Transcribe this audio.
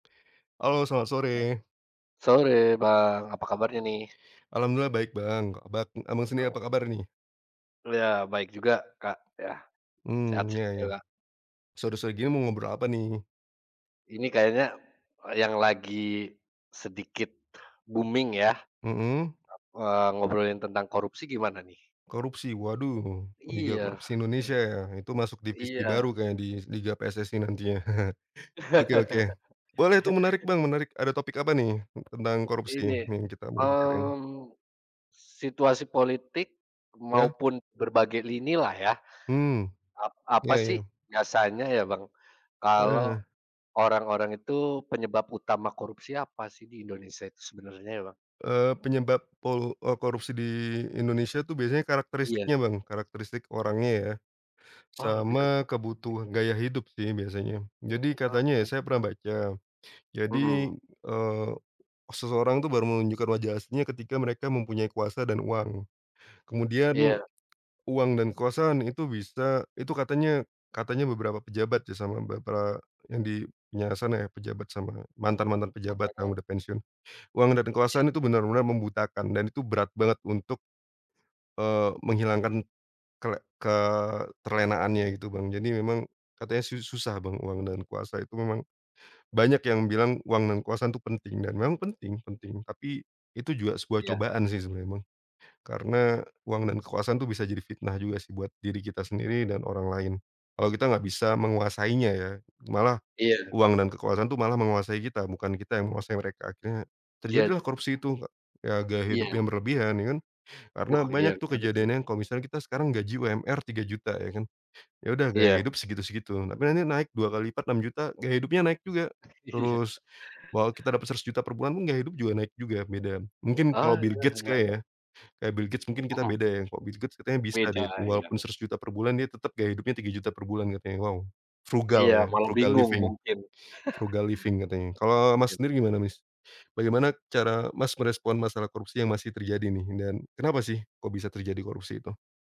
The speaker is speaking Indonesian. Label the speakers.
Speaker 1: Halo selamat sore.
Speaker 2: Sore, Bang. Apa kabarnya nih?
Speaker 1: Alhamdulillah baik Bang. Abak Abang sendiri apa
Speaker 2: [unintelligible]
Speaker 1: kabar nih?
Speaker 2: Ya baik juga, Kak. Ya, sehat
Speaker 1: Hmm ya
Speaker 2: saj
Speaker 1: ya.
Speaker 2: lah.
Speaker 1: Sore-sore gini mau ngobrol apa nih?
Speaker 2: Ini kayaknya yang lagi sedikit booming ya, ap
Speaker 1: Mhm.
Speaker 2: eee, ngobrolin tentang korupsi gimana nih?
Speaker 1: Korupsi waduh, liga
Speaker 2: Iya,
Speaker 1: korupsi Indonesia
Speaker 2: ini
Speaker 1: ya, itu masuk divisi baru
Speaker 2: iya.
Speaker 1: kayaknya di liga PSSI nantinya. Oke oke boleh tuh menarik Bang, menarik. Ada topik apa nih, tentang korupsi
Speaker 2: Ini,
Speaker 1: yang kita mau bicarain?
Speaker 2: mmm, situasi politik
Speaker 1: Ya.
Speaker 2: maupun berbagai lini lah ya,
Speaker 1: Hmm
Speaker 2: ap apa
Speaker 1: ya
Speaker 2: sih
Speaker 1: ya.
Speaker 2: biasanya ya Bang, kalau
Speaker 1: Eh.
Speaker 2: orang-orang itu penyebab utama korupsi apa sih di Indonesia itu sebenarnya ya Bang?
Speaker 1: Eee, penyebab polu eee, korupsi di Indonesia tuh biasanya
Speaker 2: Iya.
Speaker 1: karakteristiknya Bang, karakteristik orangnya ya,
Speaker 2: Oh, lebih ke
Speaker 1: sama
Speaker 2: politik.
Speaker 1: kebutuhan gaya hidup sih biasanya. Jadi
Speaker 2: Oh,
Speaker 1: katanya ya
Speaker 2: menarik
Speaker 1: saya pernah
Speaker 2: menarik.
Speaker 1: baca, jadi,
Speaker 2: Mhm.
Speaker 1: eee, seseorang tuh baru menunjukkan wajah aslinya ketika mereka mempunyai kuasa dan uang. Kemudian
Speaker 2: Iya.
Speaker 1: uang dan kekuasaan itu bisa itu katanya katanya beberapa pejabat ya sama, beberapa yang di penjara sana ya, pejabat sama mantan-mantan pejabat yang
Speaker 2: Mhm.
Speaker 1: udah pensiun. Uang dan kekuasaan itu benar-benar membutakan, dan itu berat banget untuk, eee, menghilangkan kele keterlenaannya gitu Bang. Jadi memang katanya su-susah Bang uang dan kuasa itu memang, banyak yang bilang uang dan kekuasaan itu penting, dan memang penting penting tapi itu juga sebuah
Speaker 2: Iya.
Speaker 1: cobaan sih sebenarnya Bang. Karena uang dan kekuasaan itu bisa jadi fitnah juga sih buat diri kita sendiri dan orang lain. Kalau kita nggak bisa menguasainya ya, malah
Speaker 2: Iya.
Speaker 1: uang dan kekuasaan tuh malah menguasai kita, bukan kita yang menguasai mereka. Akhirnya terjadilah
Speaker 2: Jad
Speaker 1: korupsi itu he ya, gaya hidup
Speaker 2: Iya.
Speaker 1: yang berlebihan ya kan. Karena
Speaker 2: Wah, iya
Speaker 1: banyak tuh
Speaker 2: menarik sih itu.
Speaker 1: kejadiannya kalau misalnya kita sekarang gaji UMR Rp3.000.000 ya kan, ya udah gaya
Speaker 2: Iya.
Speaker 1: hidup segitu-segitu, tapi nanti naik 2 kali lipat Rp6.000.000 gaya hidupnya naik juga.
Speaker 2: Iya.
Speaker 1: Terus wal kita dapat Rp100.000.000 per bulan pun gaya hidup juga naik juga beda. Mungkin kalau
Speaker 2: Ah,
Speaker 1: Bill
Speaker 2: iya,
Speaker 1: Gates
Speaker 2: ya
Speaker 1: kali ya,
Speaker 2: ya.
Speaker 1: kayak Bill Gates mungkin kita
Speaker 2: Mhm.
Speaker 1: beda ya. Kalau Bill Gates katanya bisa deh
Speaker 2: Beda, iya.
Speaker 1: walaupun Rp100.000.000 per bulan dia tetap gaya hidupnya Rp3.000.000 per bulan katanya. Wow! Frugal
Speaker 2: Iya,
Speaker 1: ya,
Speaker 2: malah
Speaker 1: frugal
Speaker 2: bingung
Speaker 1: living,
Speaker 2: mungkin.
Speaker 1: frugal living katanya. Kalau Mas
Speaker 2: Kaya
Speaker 1: sendiri gimana
Speaker 2: Mesir
Speaker 1: Mas? Bagaimana cara Mas merespon masalah korupsi yang masih terjadi nih dan kenapa sih kok bisa terjadi korupsi itu?